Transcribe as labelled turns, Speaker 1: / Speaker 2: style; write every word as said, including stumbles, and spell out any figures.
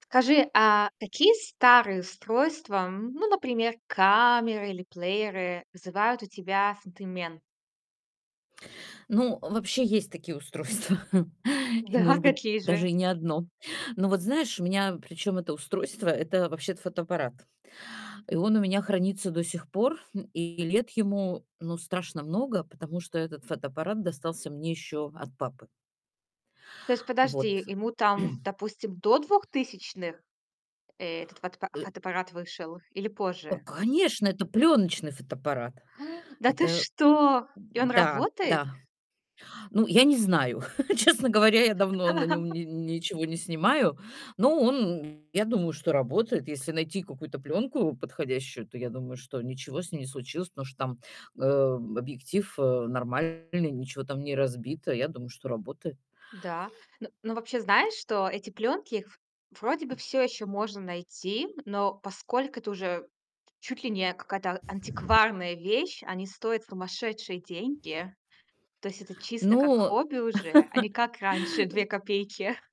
Speaker 1: Скажи, а какие старые устройства, м, ну, например, камеры или плееры, вызывают у тебя сентимент?
Speaker 2: Ну, вообще есть такие устройства и,
Speaker 1: Да,
Speaker 2: может быть,
Speaker 1: какие же?
Speaker 2: даже и не одно. Ну вот, знаешь, у меня причем это устройство- это вообще-то фотоаппарат, и он у меня хранится до сих пор, м, и лет ему, ну, страшно много, потому что этот фотоаппарат достался мне еще от папы.
Speaker 1: То есть,
Speaker 2: Вот.
Speaker 1: подожди, ему там, допустим, до двухтысячных этот фотоап
Speaker 2: Э
Speaker 1: фотоаппарат вышел или
Speaker 2: А,
Speaker 1: позже?
Speaker 2: конечно, это пленочный фотоаппарат.
Speaker 1: Да ты
Speaker 2: Это
Speaker 1: что? И он
Speaker 2: Да,
Speaker 1: работает?
Speaker 2: да. Ну, я не знаю, честно говоря, я давно на нём ни ничего не снимаю, но он, я думаю, что работает. Если найти какую-то пленку подходящую, то я думаю, что ничего с ней не случилось, потому что там, э, объектив, э, нормальный, ничего там не разбито. Я думаю, что работает.
Speaker 1: Да, ну ну, вообще знаешь, что эти пленки их вроде бы всё еще можно найти, но поскольку это уже чуть ли не какая-то антикварная вещь, они стоят сумасшедшие деньги. То есть это чисто как
Speaker 2: Ну
Speaker 1: хобби уже, а не как раньше две
Speaker 2: э
Speaker 1: копейки.